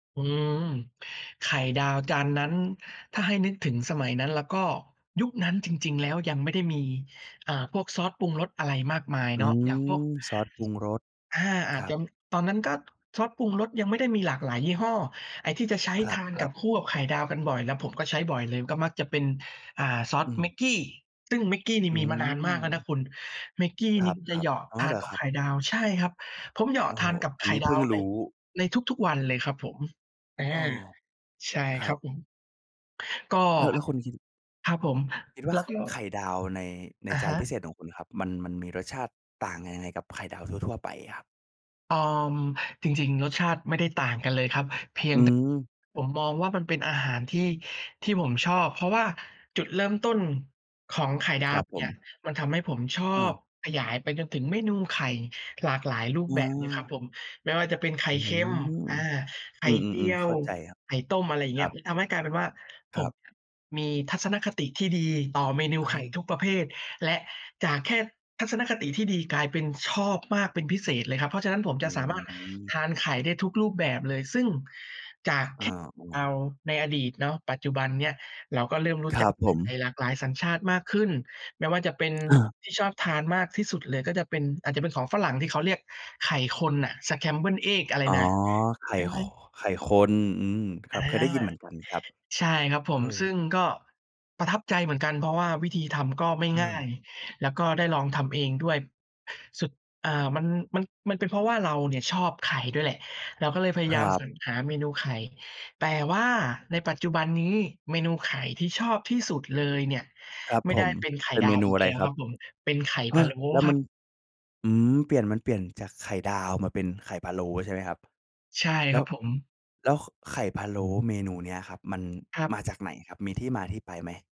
อืม ไข่ดาวจานนั้น ถ้าให้นึกถึงสมัยนั้นล่ะก็ ยุคนั้นจริง ๆ แล้วยังไม่ได้มี อ่า พวกซอสปรุงรสอะไรมากมายอเนาืะ อย่างพวก ม ซอสปรุงรส อา อคารจัจบ ำ ตอนนั้น ก็ซอสปรุงรสยังไม่ได้มีหลากหลายยี่ห้อ ไอ้ที่จะใช้ครทานกัับ บ ๆ คู่กับไข่ดาวกันบ่อย แล้วผมก็ใช้บ่อยเลย ก็มักจะเป็น อ่า ซออสืแม็ม กกี้ ซึ่งแม็กกี้นี่อืมีมานานมากแล้วนม ะคุณ แม็กกี้คนี่จะรัเหบ ยาะๆ อ๋อ ทเาหนรอกัคบรัไขบ? ่ดาว ใช่ครับ ผมเหยาโอะ้ ทานกับอัไนขน่ี้เดพิา่งวรใน ู้ ในทุก ๆ วันเลยครับผม อา โอ้ ใช่ครครัับ บผม ก็ อะ แล้วคุณคิด ครับผม คิดว่แลา้วก็ ไข่ดาวใน ในอะจาฮนพะ ิเศษของคุณครับ มัน มันมีรสชาติต่างกันยังไงกับไข่ดาวทั่ว ๆ ไปครับ? เออ จริง ๆ รสชาติไม่ได้ต่างกันเลยครับ เพียองืแตะ ม ผมมองว่า มันเป็นอาหารที่ ที่ผมชอบ เพราะว่าจุดเริ่มต้น ของไข่ดคารวับผเนี่ม ย มันทำให้ผมชออบ า ขยายไปจนถึงเมนูไข่หลากหลายรูปอแบบเลยครับา ผม ไม่ว่าจะเป็นไข่อื้อเคฮือ ็ม อา ไขอื่เจีม ยๆ ๆ เขว ้าใจครับ ไข่ต้ม อะไรอย่างเคงีร้ัย บ มันทำให้กลายเป็นว่า คผรมับ อะมีทัศนคติที่ดีต่อเมนูอะไขฮ่ะ ทุกประเภท และจากแค่ ทัศนคติที่ดี กลายเป็นชอบมากเป็นพิเศษเลยครับ เพราะฉะนั้นผมอจะสามารถืม ทานไข่ได้ทุกรูปแบบเลย ซึ่งจากอแา ค่ไข่ดาๆ วในอดีตเนาะ ปัจจุบันเนี่ย เราก็เริ่มรู้ครจัักบผไขม ่หลากหลายสัญชาติมากขึ้น ไม่ว่าจะเป็นอา ที่ชอบทานมากที่สุดเลยก็จะเป็น อาจจะเป็นของฝรั่ง ที่เขาเรียกไข่คนน่ะ scrambled eggs อะไรอ๋อ น่ะ ไข่ ค [unintelligible] ไข่คน อืม คอรา ับ เคยได้ยินเหมือนกันครับ ใช่ครับผเออ ม ซึ่งก็ ประทับใจเหมือนกัน เพราะว่าวิธีทำก็ไม่เง่าออ ย แล้วก็ได้ลองทำเองด้วย สุด อ่า มัน มัน มันเป็นเพราะว่าเราเนี่ยชอบไข่ด้วยแหละ เราก็เลยพยคายราัมบ สรรหาเมนูไข่ แต่ว่าในปัจจุบันนี้ เมนูไข่ที่ชอบที่สุดเลยเนี่ย ครับไม่ผได้ม เป็นไข่เป็นดเมาวนูอีกอะไแรล้วครคัรบ? ับผม เป็นไข่ฮพะะ โล้แล้วคมรัับ น อืม เปลี่ยน มันเปลี่ยนจากไข่ดาวมาเป็นไข่พะโล้ใช่ไหมครับ? ใช่แลค้รัว บผม แล้ว ข ไข่พะโล้เมนูเนี้ยครับ มันครัมาบ จากไหนครับ มีที่มาที่ไปไหม?